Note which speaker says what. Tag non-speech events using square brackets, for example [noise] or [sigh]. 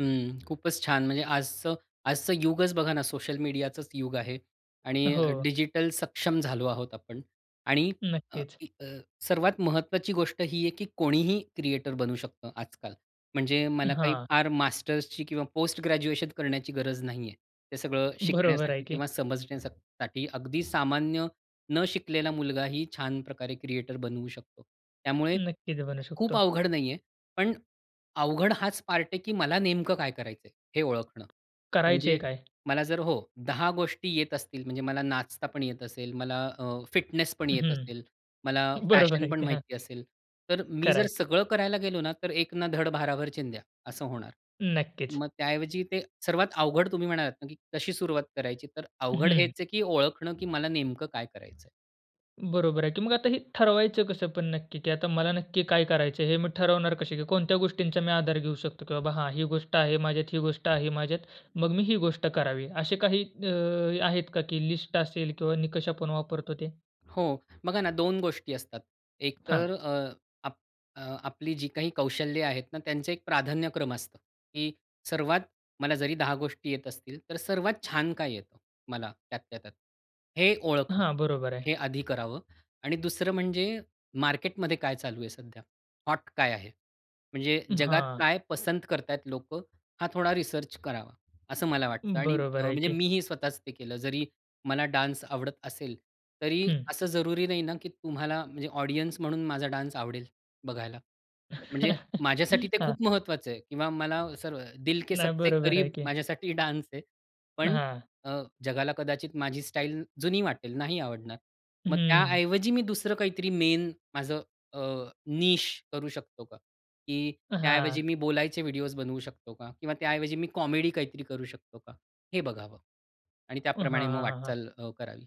Speaker 1: हं, खूपच छान! म्हणजे आजचं आजचं युगच बघा ना, सोशल मीडियाचंच युग आहे आणि
Speaker 2: हो.
Speaker 1: डिजिटल सक्षम झालो आहोत आपण, आणि अ,
Speaker 2: नक्कीच.
Speaker 1: अ, सर्वात महत्त्वाची गोष्ट ही आहे, की कोणीही क्रिएटर बनू शकतं आजकाल; म्हणजे मला काही
Speaker 2: हां.
Speaker 1: फार मास्टर्सची किंवा पोस्ट ग्रॅज्युएशन करण्याची गरज नाहीये हे सगळं
Speaker 2: बरोबर आहे
Speaker 1: शिकण्यासाठी
Speaker 2: की.
Speaker 1: किंवा समजण्यासाठी. अगदी सामान्य न शिकलेला मुलगाही छान प्रकारे क्रिएटर बनवू शकतो. त्यामुळे
Speaker 2: नक्की, ते बनू
Speaker 1: खूप
Speaker 2: शकतो.
Speaker 1: अवघड नाहीये पण; अवघड हाच पार्ट आहे की, मला नेमकं काय करायचंय हे ओळखणं.
Speaker 2: करायचे
Speaker 1: म्हणजे
Speaker 2: काय?
Speaker 1: मला जर हो 10 गोष्टी येत असतील म्हणजे मला नाचता पण येत असेल, मला अ, फिटनेस पण येत असेल,
Speaker 2: हम्म.
Speaker 1: मला
Speaker 2: बरोबर
Speaker 1: फॅशन
Speaker 2: आहे
Speaker 1: पण
Speaker 2: की, हां.
Speaker 1: माहिती असेल. तर मी
Speaker 2: खरं
Speaker 1: जर
Speaker 2: आहे.
Speaker 1: सगळं करायला गेलो ना तर, "एक ना धड भाराभर चिंध्या" असं होणार.
Speaker 2: नक्कीच.
Speaker 1: मग त्याऐवजी, ते सर्वात अवघड तुम्ही म्हणालात ना, की कशी सुरुवात करायची, तर अवघड हेच
Speaker 2: हम्म.
Speaker 1: आहे, की ओळखणं, की मला नेमकं काय करायचं आहे.
Speaker 2: बरोबर आहे. की मग आता हे ठरवायचं कसं पण नक्की की आता मला नक्की काय करायचंय, हे मी ठरवणार कसे? की कोणत्या गोष्टींचा मी आधार घेऊ शकतो की, "बाबा हां, ही गोष्ट आहे माझ्यात, ही गोष्ट आहे माझ्यात. मग मी ही गोष्ट करावी." असे काही अ, आहेत का, की लिस्ट असेल किंवा निकष आपण वापरतो ते?
Speaker 1: हो, बघा ना दोन गोष्टी असतात.
Speaker 2: हां.
Speaker 1: एकतर अ, आप अ, आपली जी काही कौशल्य आहेत ना, त्यांचं एक प्राधान्यक्रम असतं, की सर्वात मला जरी 10 गोष्टी येत असतील, तर सर्वात छान काय येतं मला, त्यातल्या त्यात? हे ओळखणं,
Speaker 2: हां, बरोबर, आहे.
Speaker 1: हे आधी करावं. आणि दुसरं म्हणजे, मार्केटमध्ये काय चालू आहे सध्या? हॉट काय आहे? म्हणजे जगात
Speaker 2: हां.
Speaker 1: काय पसंत करतायेत लोकं? हा थोडा रिसर्च करावा असं मला वाटतं. आणि अ,
Speaker 2: बरोबर आहे
Speaker 1: म्हणजे
Speaker 2: की.
Speaker 1: मीही स्वतःच ते केलं. जरी मला डान्स आवडत असेल, तरी
Speaker 2: हम्म.
Speaker 1: असं जरुरी नाही ना, की तुम्हाला म्हणजे ऑडियन्स म्हणून माझा डान्स आवडेल, बघायला. म्हणजे
Speaker 2: [laughs]
Speaker 1: माझ्यासाठी ते
Speaker 2: हां.
Speaker 1: खूप महत्वाचं आहे; किंवा मला असं "दिल के
Speaker 2: नाही,
Speaker 1: सबसे
Speaker 2: बरोबर आहे
Speaker 1: करीब"
Speaker 2: की.
Speaker 1: माझ्यासाठी डान्स आहे. पण
Speaker 2: हां.
Speaker 1: अ, जगाला कदाचित माझी स्टाईल जुनी वाटेल, नाही आवडणार. मग त्या
Speaker 2: हम्म.
Speaker 1: ऐवजी मी दुसरं काहीतरी मेन माझं अ, निश करू शकतो का? की त्या ऐवजी
Speaker 2: हां.
Speaker 1: मी बोलायचे व्हिडिओज़् बनवू शकतो का? किंवा त्या ऐवजी मी कॉमेडी काहीतरी करू शकतो का? हे बघावं. आणि
Speaker 2: हां,
Speaker 1: त्याप्रमाणे
Speaker 2: हां,
Speaker 1: मग
Speaker 2: हां, हां.
Speaker 1: वाटचाल अ, करावी.